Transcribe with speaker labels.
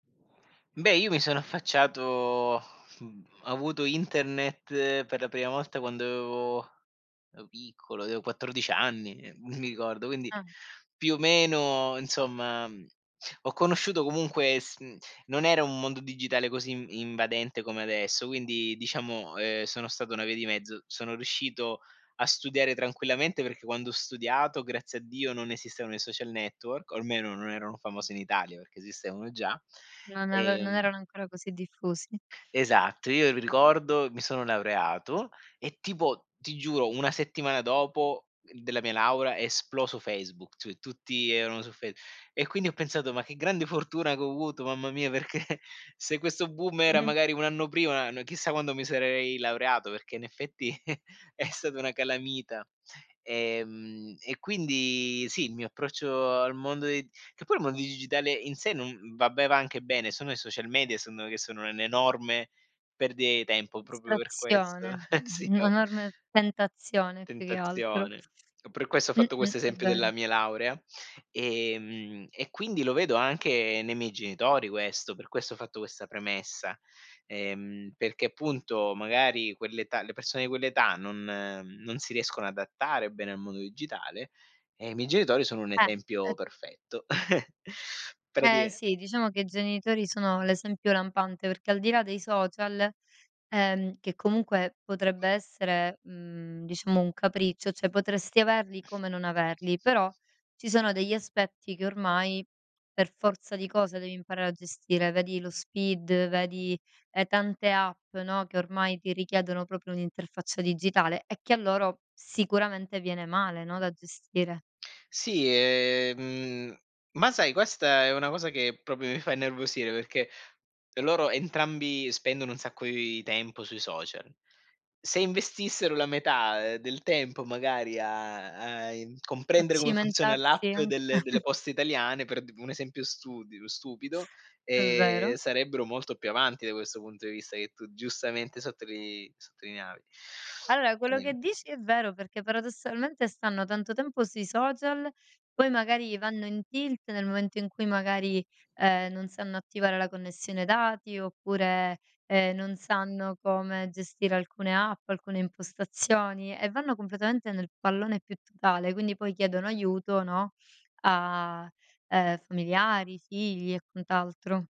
Speaker 1: Beh, io mi sono affacciato uhm, avuto internet per la prima volta quando avevo ero piccolo, avevo 14 anni, ehm, mi ricordo, quindi
Speaker 2: Ah.
Speaker 1: più o meno, insomma. Ho conosciuto comunque s mhmm, non era un mondo digitale così invadente come adesso, quindi diciamo, ehm, sono stato una via di mezzo. Sono riuscito a studiare tranquillamente perché quando ho studiato, grazie a Dio, non esistevano i social network, o almeno non erano famosi in Italia, perché esistevano già.
Speaker 2: Non ave non
Speaker 1: Ehm
Speaker 2: erano ancora così diffusi.
Speaker 1: Esatto, io ri ricordo, mi sono laureato e tipo, ti giuro, 1 settimana dopo, uhm, della mia laurea è esploso Facebook, [unintelligible] tutti erano su Face e quindi ho pensato: "Ma che grande fortuna che ho avuto, mamma mia, perché se questo boom era
Speaker 2: Mh-mh.
Speaker 1: magari 1 anno prima, n chissà quando mi sarei laureato", perché in effetti è stata una calamita. Ehm, e quindi sì, il mio approccio al mondo dei che poi il mondo digitale in sé non vabbè va anche bene, sono i social media, secondo me, che sono un'enorme perdita di tempo, proprio per questo.
Speaker 2: Distrazione.
Speaker 1: Eh sì,
Speaker 2: [unintelligible]
Speaker 1: oh.
Speaker 2: Un'enorme tentazione più che altro.
Speaker 1: Tentazione. E per questo ho fatto
Speaker 2: Mh-mh.
Speaker 1: questo
Speaker 2: È
Speaker 1: esempio
Speaker 2: vero.
Speaker 1: della mia laurea. Ehm, e quindi lo vedo anche nei miei genitori questo, per questo ho fatto questa premessa, ehm, perché appunto magari quell'età le persone di quell'età non non si riescono a adattare bene al mondo digitale. E i miei genitori sono un
Speaker 2: Eh!
Speaker 1: esempio
Speaker 2: Ehm
Speaker 1: perfetto.
Speaker 2: Eh
Speaker 1: Pratica
Speaker 2: sì, diciamo che i genitori sono l'esempio lampante, perché al di là dei social, ehm, che comunque potrebbe essere, mhmm, diciamo un capriccio, cioè potresti averli come non averli, però ci sono degli aspetti che ormai per forza di cosa devi imparare a gestire, vedi lo SPID, vedi, ehm, tante app, no, che ormai ti richiedono proprio un'interfaccia digitale e che a loro sicuramente viene male, no, da gestire.
Speaker 1: Sì, ehm, ma sai questa è una cosa che proprio mi fa innervosire, perché loro entrambi spendono un sacco di tempo sui social. Se investissero la metà, ehm, del tempo magari a a in
Speaker 2: A
Speaker 1: comprendere come funziona
Speaker 2: cimentarsi
Speaker 1: l'app
Speaker 2: anc
Speaker 1: delle delle poste italiane, per un esempio studi stupido,
Speaker 2: È
Speaker 1: ehm,
Speaker 2: vero.
Speaker 1: sarebbero molto più avanti da questo punto di vista che tu giustamente sottolii sottolineavi.
Speaker 2: Vabbè quello che
Speaker 1: Ehm
Speaker 2: dici è vero perché paradossalmente stanno tanto tempo sui social, poi magari vanno in tilt nel momento in cui magari, ehm, non sanno attivare la connessione dati oppure, ehm, non sanno come gestire alcune app, alcune impostazioni, e vanno completamente nel pallone più totale. Quindi poi chiedono aiuto, no, a, ehm, familiari, figli e quant'altro.